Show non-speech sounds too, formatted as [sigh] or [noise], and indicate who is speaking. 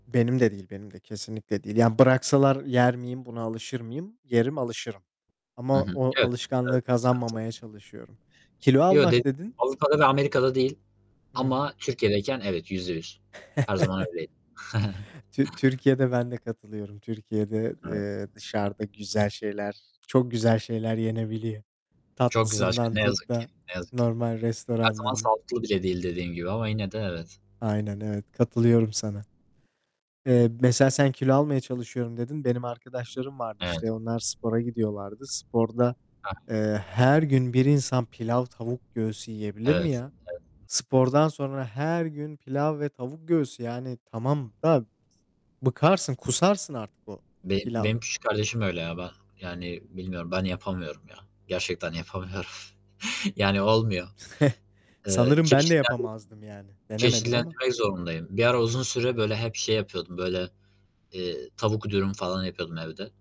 Speaker 1: Benim de değil, benim de. Kesinlikle değil. Yani, bıraksalar yer miyim, buna alışır mıyım? Yerim, alışırım.
Speaker 2: Hı
Speaker 1: Ama
Speaker 2: hı.
Speaker 1: o
Speaker 2: Evet, evet
Speaker 1: alışkanlığı
Speaker 2: sıkıntı.
Speaker 1: kazanmamaya çalışıyorum. Kilo
Speaker 2: Yo, de
Speaker 1: almak dedin?
Speaker 2: Avrupa'da ve Amerika'da değil
Speaker 1: Hı hı.
Speaker 2: ama, Türkiye'deyken, evet, %100. Her zaman
Speaker 1: [chuckles]
Speaker 2: öyleydi.
Speaker 1: Tü Türkiye'de ben de katılıyorum.
Speaker 2: [chuckles]
Speaker 1: Türkiye'de,
Speaker 2: Evet.
Speaker 1: eee, dışarıda güzel şeyler, çok güzel şeyler yenebiliyor.
Speaker 2: Çok güzel şey.
Speaker 1: Tatlısından
Speaker 2: Ne
Speaker 1: tut
Speaker 2: yazık ki,
Speaker 1: da,
Speaker 2: ne yazık ki.
Speaker 1: normal
Speaker 2: Her zaman
Speaker 1: restoranın
Speaker 2: sağlıklı bile değil dediğin gibi ama, yine de evet.
Speaker 1: Aynen, evet. Katılıyorum sana. Eee, mesela sen kilo almaya çalışıyorum, dedin. Benim arkadaşlarım vardı,
Speaker 2: Evet.
Speaker 1: işte, onlar spora gidiyorlardı. Sporda,
Speaker 2: Ha.
Speaker 1: eee, her gün bir insan pilav, tavuk göğsü yiyebilir mi
Speaker 2: Evet.
Speaker 1: ya?
Speaker 2: Evet.
Speaker 1: Spordan sonra her gün pilav ve tavuk göğsü, yani, tamam da bıkarsın, kusarsın artık o
Speaker 2: Beni benim
Speaker 1: pilavdan.
Speaker 2: küçük kardeşim öyle, ya, ben, yani, bilmiyorum. Ben yapamıyorum ya. Gerçekten yapamıyorum. Yani, olmuyor.
Speaker 1: [chuckles]
Speaker 2: Iıı,
Speaker 1: Sanırım ben de
Speaker 2: çeşitlendirme
Speaker 1: yapamazdım, yani. Denemedim ama.
Speaker 2: çeşitlendirmek zorundayım. Bir ara uzun süre böyle hep şey yapıyordum, böyle, eee, tavuk dürüm falan yapıyordum evde.